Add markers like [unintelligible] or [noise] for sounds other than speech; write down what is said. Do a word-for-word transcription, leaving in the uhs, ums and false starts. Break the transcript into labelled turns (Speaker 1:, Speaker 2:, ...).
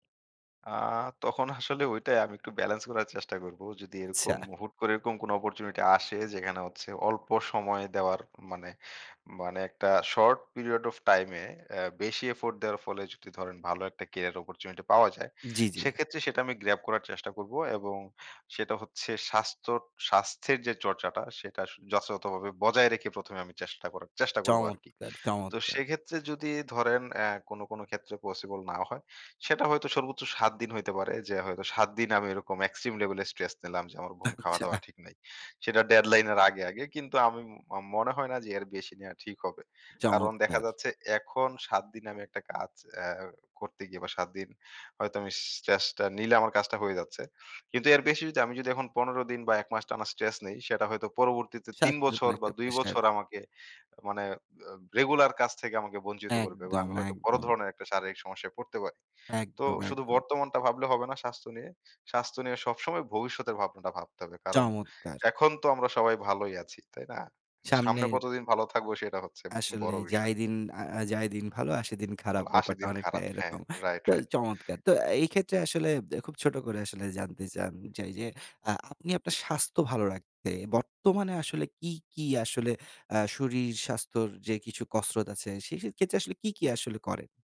Speaker 1: আ তখন আসলে ঐটাই আমি একটু বেলেন্স করার চেষ্টা করব। যদি এরকম
Speaker 2: আচ্ছা।
Speaker 1: হুট করে এরকম কোন অপরচুনিটি আসে, যেখানে হচ্ছে অল্প সময় দেওয়ার মানে, মানে একটা শর্ট পিরিয়ড ওফ টাইমে আ বেশি এফোর্ট দেওয়ার ফলে, যদি ধরেন ভালো একটা কেরিয়ার অপরচুনিটি পাওয়া যায়,
Speaker 2: জ্বি, জ্বি।
Speaker 1: সেক্ষেত্রে সেটা আমি গ্রাব করার চেষ্টা করব। এবং সেটা হচ্ছে স্বাস্থ্য, স্বাস্থ্যের যে, চর্চাটা সেটা যথাযথভাবে বজায় রেখে, প্রথম এ আমি চেষ্টা করার, চেষ্টা করব আরকি।
Speaker 2: চমৎকার,
Speaker 1: তো
Speaker 2: চমৎকার!
Speaker 1: সেক্ষেত্রে যদি ধরেন আ কোন, কোন ক্ষেত্রে পসিবল না হয়, সেটা হয়তো সর্বোচ্চ সাত দিন হইতে পারে যে, হয়তো সাত দিন আমি এরকম এক্সট্রিম লেভেলে স্ট্রেস নিলাম, যে, আমার ঘুম খাওয়া দাওয়া
Speaker 2: আচ্ছা।
Speaker 1: ঠিক নাই। সেটা ডেডলাইন এর আগে, আগে। কিন্তু আমি ম মনে হয় না যে, এর বেশি নেওয়া ঠিক হবে। কারণ দেখা
Speaker 2: চমৎকার!
Speaker 1: যাচ্ছে, এখন সাত দিন আমি একটা কাজ আ করতে গিয়ে বা সাত দিন হয়তো আমি স্ট্রেসটা নিলে আমার কাজটা হয়ে যাচ্ছে। কিন্তু এর বেশি যদি আমি যদি এখন পনের দিন বা এক মাস টানা স্ট্রেস নেই, সেটা হয়তো পরবর্তীতে তিন
Speaker 2: স্বাস্থ্যের উপর
Speaker 1: বছর বা
Speaker 2: একটা
Speaker 1: দুই
Speaker 2: প্রেশার।
Speaker 1: বছর আমাকে মানে রেগুলার কাজ থেকে আমাকে বঞ্চিত করবে। বা
Speaker 2: একদম,
Speaker 1: আমি হয়তো বড়
Speaker 2: একদম।
Speaker 1: ধরনের একটা শারীরিক সমস্যায় পড়তে পারি। তো
Speaker 2: একদম,
Speaker 1: শুধু
Speaker 2: একদম।
Speaker 1: বর্তমানটা ভাবলে হবে না স্বাস্থ্য নিয়ে। স্বাস্থ্য নিয়ে সবসময় ভবিষ্যতের ভাবনাটা ভাবতে হবে। কারণ
Speaker 2: চমৎকার!
Speaker 1: এখন তো আমরা সবাই ভালোই আছি। তাই না? সামনে
Speaker 2: সামনের।
Speaker 1: কতদিন ভালো থাকবো সেটা হচ্ছে
Speaker 2: আসলে
Speaker 1: বড় বিষয়।
Speaker 2: যাই, দিন আ আ যাই দিন ভালো, আসে সেদিন খারাপ।
Speaker 1: [unintelligible] আসে
Speaker 2: ব্যাপারটা
Speaker 1: দিন
Speaker 2: অনেকটা
Speaker 1: খারাপ। হ্যাঁ,
Speaker 2: এরকম।
Speaker 1: রাইট,
Speaker 2: তো
Speaker 1: রাইট।
Speaker 2: চমৎকার। তো এই ক্ষেত্রে আসলে খুব ছোট করে আসলে জানতে চান, যে, এই যে, আপনি আপনার স্বাস্থ্য ভালো রাখতে। বর্তমানে আসলে কী, কী আসলে আ শরীর স্বাস্থ্যের যে, কিছু কসরত আছে, সে ক্ষেত্রে আসলে কী, কী আসলে করেন?